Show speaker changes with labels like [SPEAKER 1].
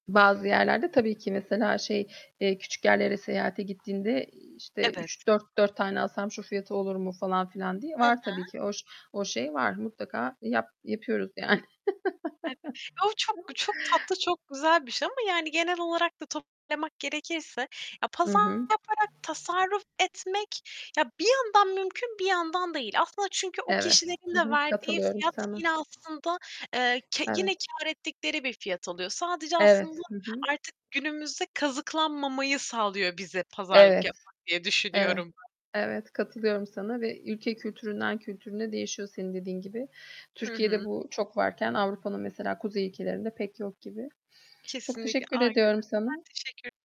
[SPEAKER 1] Bazı yerlerde tabii ki mesela şey, eee, küçük yerlere seyahate gittiğinde, iii, işte,
[SPEAKER 2] Evet.
[SPEAKER 1] "3 dört dört tane alsam şu fiyatı olur mu?" falan filan diye
[SPEAKER 2] Hı
[SPEAKER 1] var tabii
[SPEAKER 2] hı.
[SPEAKER 1] ki. O ş o şey var. Mutlaka yap yapıyoruz yani.
[SPEAKER 2] Evet. O çok çok tatlı, çok güzel bir şey ama yani genel olarak da toparlamak gerekirse ya,
[SPEAKER 1] I hı.
[SPEAKER 2] pazarlık yaparak tasarruf etmek ya, bir yandan mümkün bir yandan değil. Aslında çünkü o
[SPEAKER 1] Evet,
[SPEAKER 2] kişilerin
[SPEAKER 1] hı
[SPEAKER 2] de
[SPEAKER 1] hı,
[SPEAKER 2] verdiği
[SPEAKER 1] katılıyorum
[SPEAKER 2] fiyat
[SPEAKER 1] sana.
[SPEAKER 2] yine aslında, eee, ke yine
[SPEAKER 1] Evet.
[SPEAKER 2] kâr ettikleri bir fiyat oluyor. Sadece aslında
[SPEAKER 1] Evet, hı hı.
[SPEAKER 2] artık günümüzde kazıklanmamayı sağlıyor bize pazarlık
[SPEAKER 1] Evet.
[SPEAKER 2] yapmak diye
[SPEAKER 1] Evet.
[SPEAKER 2] düşünüyorum.
[SPEAKER 1] Evet. Katılıyorum sana. Ve ülke kültüründen kültürüne değişiyor senin dediğin gibi.
[SPEAKER 2] Hı
[SPEAKER 1] Türkiye'de
[SPEAKER 2] hı.
[SPEAKER 1] bu çok varken Avrupa'nın mesela kuzey ülkelerinde pek yok gibi. Çok
[SPEAKER 2] Kesinlikle.
[SPEAKER 1] teşekkür
[SPEAKER 2] Aynen
[SPEAKER 1] ediyorum
[SPEAKER 2] öyle.
[SPEAKER 1] sana.
[SPEAKER 2] Ben teşekkür